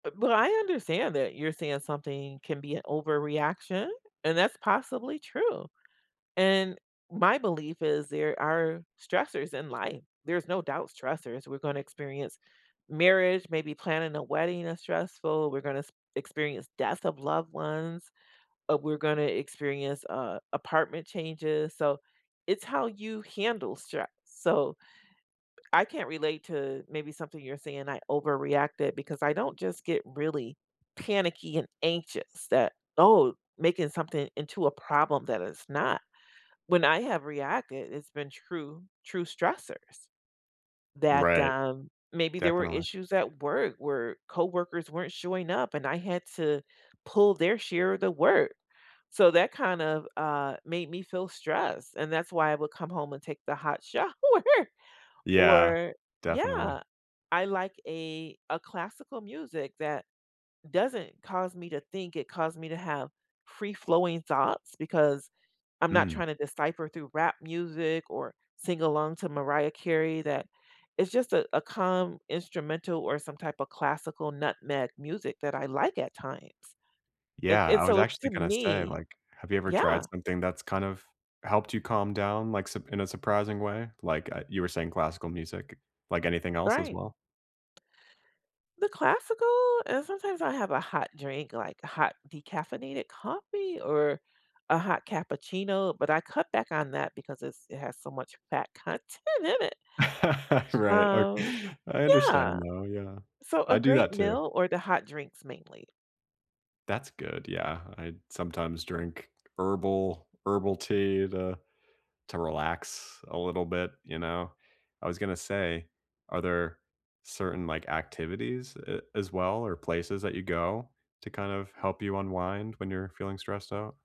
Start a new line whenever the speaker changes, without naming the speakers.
Bu but I understand that you're saying something can be an overreaction, and that's possibly true. And my belief is there are stressors in life, there's no doubt stressors, we're gonna experience marriage, maybe planning a wedding is stressful, we're gonna s experience death of loved ones, uh, we're gonna experience, uh, apartment changes, so, it's how you handle stress, so. I can't relate to maybe something you're saying I overreacted because I don't just get really panicky and anxious that, "Oh, making something into a problem that it's not." When I have reacted, it's been true true stressors that,
Right.
um Maybe there were
Definitely.
issues at work where coworkers weren't showing up and I had to pull their share of the work, so, that kind of, uh, made me feel stressed and that's why I would come home and take the hot shower
Yeah,
or
definitely.
Yeah, I like a a classical music that doesn't cause me to think, it cause me to have free-flowing thoughts because I'm not
Mm.
trying to decipher through rap music or sing along to Mariah Carey that it's just a a calm instrumental or some type of classical n ma music that I like at times, and
Yeah,
and,
I was
so,
actually
to
gonna say,
me
like, have you ever tried
Yeah.
something that's kind of helped you calm down, like, sup in a surprising way? Like, uh, you were saying classical music, like, anything else as
Right.
well?
The classical and sometimes I have a hot drink, like, a hot decaffeinated coffee, or a hot cappuccino, but I cut back on that because it's it has so much fat content in it.
Right, o
Oh,
I
yeah.
understand, though, yeah.
So, a
I do
great
that too.
meal or the hot drinks mainly.
That's good, yeah, I sometimes drink herbal herbal tea to to relax a little bit, you know? I was gonna say, are there certain, like, activities a as well or places that you go to kind of help you unwind when you're feeling stressed out?